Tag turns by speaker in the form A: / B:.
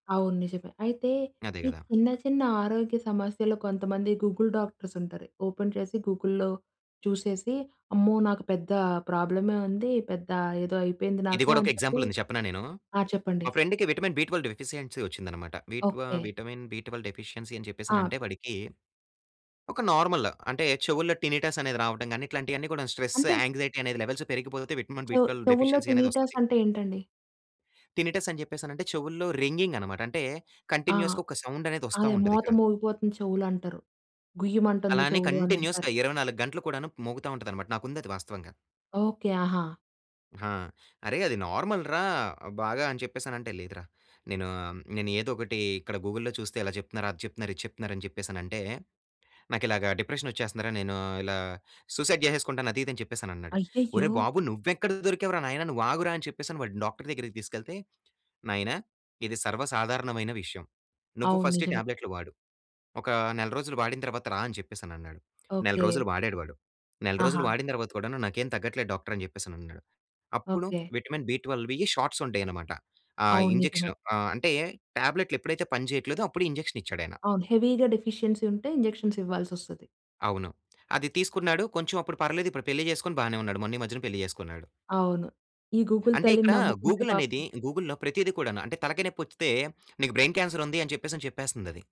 A: అవును నిజమే. అయితే
B: అదే
A: ఈ
B: కదా!
A: చిన్న చిన్న ఆరోగ్య సమస్యలు కొంతమంది గూగుల్ డాక్టర్స్ ఉంటారు. ఓపెన్ చేసి గూగుల్లో చూసేసి అమ్మో! నాకు పెద్ద ప్రాబ్లమ్ ఉంది. పెద్ద ఏదో అయిపోయింది
B: ఇది
A: నాకు
B: కూడా ఒక
A: అని చెప్పి
B: ఎగ్జాంపుల్ ఉంది చెప్పనా నేను.
A: ఆ! చెప్పండి.
B: మా ఫ్రెండ్‌కి విటమిన్-బి12 డెఫిషియన్సీ వచ్చింది అన్నమాట. B12
A: okay.
B: B12 vitamin deficiency అని చెప్పేసి
A: ఆ!
B: అంటే వాడికి, ఒక నార్మల్ అంటే చెవులో టినిటస్ అనేది రావడం గాని. ఇట్లాంటివి అన్ని కూడా స్ట్రెస్
A: అంటే
B: యాంగ్‌జైటి లెవెల్స్ పెరిగిపోతే
A: చెవు
B: విటమిన్-బి-12
A: చెవుల్లో
B: డెఫిషియన్సీ అనేది
A: టినిటస్
B: వస్తది.
A: అంటే ఏంటండి?
B: టినిటస్ అని చెప్పేసి అంటే చెవుల్లో రింగింగ్ అన్నమాట. అంటే
A: ఆ!
B: కంటిన్యూయస్‌గా ఒక సౌండ్ అనేది వస్తా
A: అదే
B: ఉంటది
A: మోత
B: ఇక్కడ.
A: మోగిపోతుంది చెవులు అంటారు. గుయ్యమంటుంది
B: అలానే
A: చెవులు అని అంటారు.
B: కంటిన్యూయస్‌గా 24 గంటలు కూడాను మోగుతా ఉంటది అన్నమాట. నాకు ఉంది అది వాస్తవంగా.
A: ఓకే. ఆహా!
B: హా! అరె అది నార్మల్‌ రా బాగా అని చెప్పేసి అనిఅంటే. లేదురా! నేను నేను ఏదో ఒకటి ఇక్కడ గూగుల్‌లో చూస్తే ఇలా చెప్తున్నారు. అది చెప్తున్నారు. ఇది చెప్తున్నారు అని చెప్పేసి అనిఅంటే. నాకు ఇలాగా డిప్రెషన్ వచ్చేస్తుంది రా. నేను ఇలా సూసైడ్ చేసేసుకుంటాను! అది ఇది అని చెప్పేసి అని అన్నాడు.
A: అయ్యయ్యో!
B: ఒరేయ్! బాబు నువ్వు ఎక్కడ దొరికావు రా నాయనా. నువ్వు ఆగురా, అని చెప్పేసి వాడిని డాక్టర్ దగ్గరికి తీసుకెళ్తే, నాయనా ఇది సర్వసాధారణమైన విషయం. నువ్వు
A: అవును.
B: ఫస్ట్
A: నిజమే.
B: టాబ్లెట్లు వాడు. ఒక నెల రోజులు వాడిన తర్వాత రా అని చెప్పేసి అని అన్నాడు. నెల
A: ఓకే.
B: రోజులు వాడాడు వాడు. నెల రోజులు
A: ఆహా!
B: వాడిన తర్వాత కూడా నాకేం తగ్గట్లేదు డాక్టర్ అని చెప్పేసి అని అన్నాడు. అప్పుడు
A: ఓకే.
B: విటమిన్-బి12వి షాట్స్ ఉంటాయి అన్నమాట. ఆ!
A: అవును. నిజమే.
B: ఇంజెక్షన్ ఆ! అంటే టాబ్లెట్లు ఎప్పుడైతే పని చేయట్లేదో అప్పుడు ఇంజెక్షన్ ఇచ్చాడు ఆయన.
A: అవును. హెవీగా డెఫిషియన్సీ ఉంటే ఇంజెక్షన్స్ ఇవ్వాల్సొస్తది.
B: అవును. అది తీసుకున్నాడు కొంచెం అప్పుడు పర్లేదు. ఇప్పుడు పెళ్లి చేసుకొని బానే ఉన్నాడు. మొన్న ఈ మధ్యనే పెళ్లి చేసుకున్నాడు.
A: అవును. ఈ గూగుల్
B: అంటే,
A: తల్లిని
B: ఇక్కడ
A: నమ్ముకుంటే
B: గూగుల్
A: పాపం
B: అనేది గూగుల్‌లో ప్రతీది కూడాను అంటే, తలకాయ నొప్పి వస్తే నీకు బ్రైన్ క్యాన్సర్ ఉంది అని చెప్పేసి చెప్పేస్తుంది అది.